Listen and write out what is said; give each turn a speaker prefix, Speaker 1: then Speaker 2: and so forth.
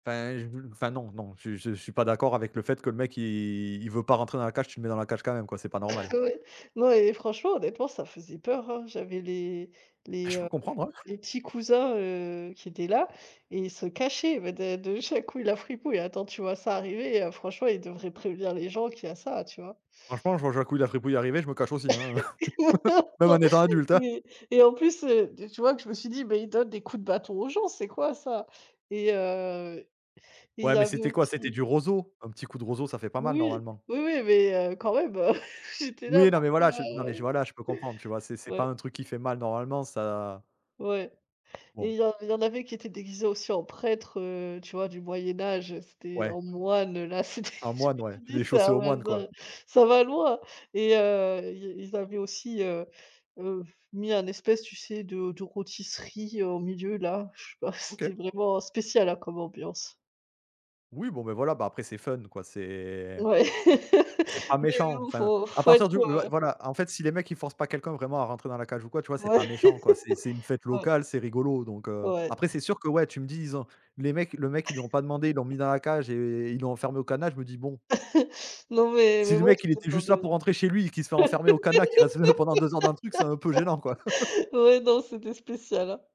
Speaker 1: Enfin, et je enfin, non, non, je je suis pas d'accord avec le fait que le mec, il il veut pas rentrer dans la cage. Tu le mets dans la cage, quand même, quoi, c'est pas normal.
Speaker 2: Ouais. Non et franchement, honnêtement, ça faisait peur hein! J'avais les les,
Speaker 1: Je peux
Speaker 2: heu,
Speaker 1: comprendre, ouais.
Speaker 2: les petits cousins, heu, qui étaient là et ils se cachaient, mais de de jacqouille la fripouille et attends, tu vois? Ça arriver, heu, franchement, ils devraient prévenir les gens qu'il y a ça, tu vois?
Speaker 1: Franchement, je vois jacqouille la fripouille arriver, je me cache aussi hein!
Speaker 2: Non,
Speaker 1: Même en
Speaker 2: non,
Speaker 1: étant adulte hein!
Speaker 2: mais et en plus, heu, de tu vois? Que je me suis dit: «Mais ils donnent des coups de bâton aux gens, c'est quoi ça?» et heu, et il
Speaker 1: Ouais,
Speaker 2: y
Speaker 1: mais
Speaker 2: avait
Speaker 1: c'était quoi? C'était
Speaker 2: aussi
Speaker 1: du roseau? Un petit coup de roseau, ça fait pas mal,
Speaker 2: Oui,
Speaker 1: normalement.
Speaker 2: oui, oui, mais heu, quand même, heu, j'étais là,
Speaker 1: Oui, non, mais voilà, j non,
Speaker 2: bon,
Speaker 1: mais
Speaker 2: heu,
Speaker 1: voilà, je peux comprendre, tu vois? C'est c'est pas un
Speaker 2: ouais.
Speaker 1: truc qui fait mal, normalement, ça
Speaker 2: Ouais, et
Speaker 1: Bon.
Speaker 2: il y en il y en avait qui étaient déguisés aussi en prêtres, heu, tu vois? Du moyen âge, heu, c'était
Speaker 1: Ouais.
Speaker 2: en moines, heu, là, c'était,
Speaker 1: Un
Speaker 2: je me
Speaker 1: moine, ouais.
Speaker 2: suis
Speaker 1: Que
Speaker 2: dit:
Speaker 1: des chaussées
Speaker 2: «Ça
Speaker 1: aux
Speaker 2: va
Speaker 1: moines, quoi.
Speaker 2: l ça va loin!» et heu, ils ils avaient aussi, heu heu, mis un espèce tu sais de de rôtisserie au milieu là. Je sais pas,
Speaker 1: OK.
Speaker 2: c'était vraiment, heu, spéciale, hein, comme ambiance.
Speaker 1: Oui, bon, beh voilà! Bah, après c'est fun quoi, c'est
Speaker 2: Ouais.
Speaker 1: c'est pas
Speaker 2: Oui,
Speaker 1: méchant.
Speaker 2: oui,
Speaker 1: Enfin,
Speaker 2: faut
Speaker 1: à
Speaker 2: faut être,
Speaker 1: partir du ouais,
Speaker 2: heu
Speaker 1: voilà. En fait, si les mecs ils forcent pas quelqu'un vraiment à rentrer dans la cage, ou quoi, tu vois? C'est pas
Speaker 2: Ouais.
Speaker 1: méchant quoi, c'est c'est une fête
Speaker 2: Ouais.
Speaker 1: locale, c'est rigolo donc heu,
Speaker 2: Ouais.
Speaker 1: après, c'est sûr que ouais, tu me dis, ils ont les mecs le mec, ils lui ont pas demandé, il l'ont mis dans la cage et ils l'ont enfermé au cadenas, je me dis: «Bon.»
Speaker 2: Non, mais
Speaker 1: Si
Speaker 2: mais
Speaker 1: le
Speaker 2: bon,
Speaker 1: mec, il était
Speaker 2: [unintelligible]
Speaker 1: juste là
Speaker 2: de
Speaker 1: pour rentrer chez lui, et qu'il se fait enfermer au cadenas, qu'il reste, heu, pendant 2 heures dans le truc, c'est un peu gênant, quoi!
Speaker 2: ouais, non, c'était spécial, hein!